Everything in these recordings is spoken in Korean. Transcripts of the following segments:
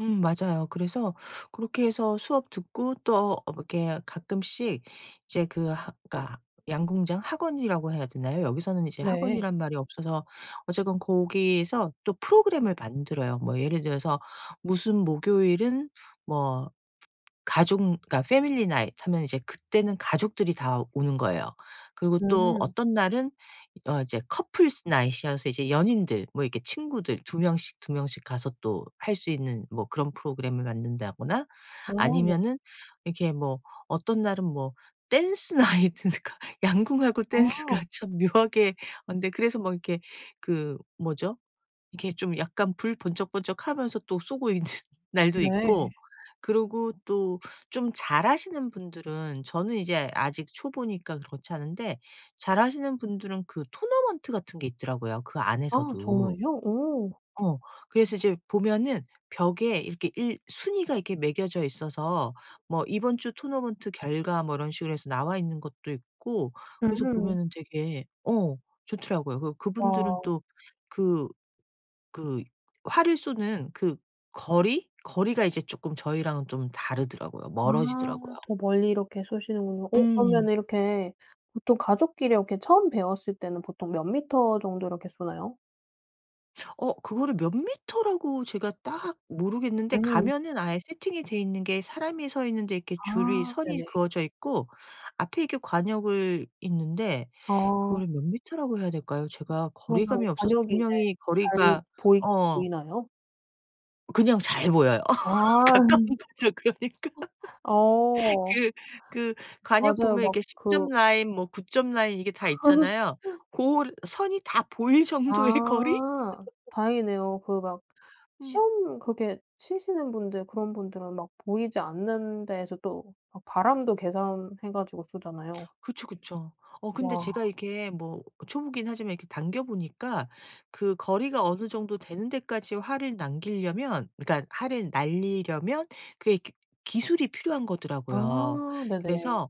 음. 맞아요. 그래서 그렇게 해서 수업 듣고 또 어 이렇게 가끔씩 이제 그 하 그러니까 양궁장 학원이라고 해야 되나요? 여기서는 이제 네. 학원이란 말이 없어서 어쨌건 거기서 또 프로그램을 만들어요. 뭐 예를 들어서 무슨 목요일은 뭐 가족 그러니까 family night 하면 이제 그때는 가족들이 다 오는 거예요. 그리고 또 음. 어떤 날은 어 이제 couple's night이여서 이제 연인들 뭐 이렇게 친구들 2 명씩, 2 명씩 가서 또 할 수 있는 뭐 그런 프로그램을 만든다거나 아 네. 아니면은 이렇게 뭐 어떤 날은 뭐 dance night 그러니까 양궁하고 댄스가 아. 참 묘하게 아 근데 그래서 뭐 이렇게 그 뭐죠? 이렇게 좀 약간 불 번쩍번쩍하면서 또 쏘고 있는 날도 네. 있고 그리고 또 좀 잘하시는 분들은 저는 이제 아직 초보니까 그렇지 않은데 잘하시는 분들은 그 토너먼트 같은 게 있더라고요, 그 아 안에서도. 정말요? 오. 어. 그래서 이제 보면은 벽에 이렇게 일 순위가 이렇게 매겨져 있어서 뭐 이번 주 토너먼트 결과 뭐 이런 식으로 해서 나와있는 것도 있고 그래서 음. 보면은 되게 어 좋더라고요. 그 그분들은 아. 또 그 그 활을 쏘는 그 거리, 거리가 이제 쪼끔 저희랑은 좀 다르더라고요. 아. 멀어지더라고요. 더 멀리 이렇게 쏘시는군요. 어 그러면 음. 이렇게 보통 가족끼리 이렇게 처음 배웠을 때는 보통 몇 미터 정도 이렇게 쏘나요? 어. 그거를 몇 미터라고 제가 딱 모르겠는데 음. 가면은 아예 세팅이 돼있는 게 사람이 서 있는데 이렇게 줄이 아. 선이 네네. 그어져 있고 앞에 이렇게 과녁을 있는데 아. 그거를 몇 미터라고 해야 될까요, 제가 거리감이 그러면 없어서 과녁이 이제 분명히 잘 거리가 보이긴 어. 보이나요? 그냥 잘 보여요. 아. 가까운 거죠, 그러니까. 어. 그 그 과녁 맞아요. 보면 막 이렇게 10 점 그 라인 뭐 9 점 라인 이게 다 있잖아요. 고 선이 다 보일 정도의 거리? 아. 다행이네요. 그 막 음. 시험 그렇게 치시는 분들 그런 분들은 막 보이지 않는 데서 또 막 바람도 계산해 가지고 쏘잖아요. 그쵸, 그쵸. 어 근데 와. 제가 이렇게 뭐 초보긴 하지만 이렇게 당겨 보니까 그 거리가 어느 정도 되는 데까지 활을 남기려면 그러니까 활을 날리려면 그게 기 기술이 필요한 거더라고요. 아. 네네. 그래서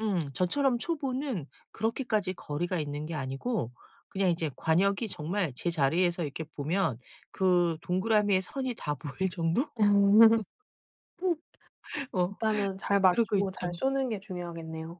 음 저처럼 초보는 그렇게까지 거리가 있는 게 아니고 그냥 이제 과녁이 정말 제 자리에서 이렇게 보면 그 동그라미의 선이 다 보일 정도? 어. 일단은 잘 그러고 맞추고 잘 있죠. 쏘는 게 중요하겠네요.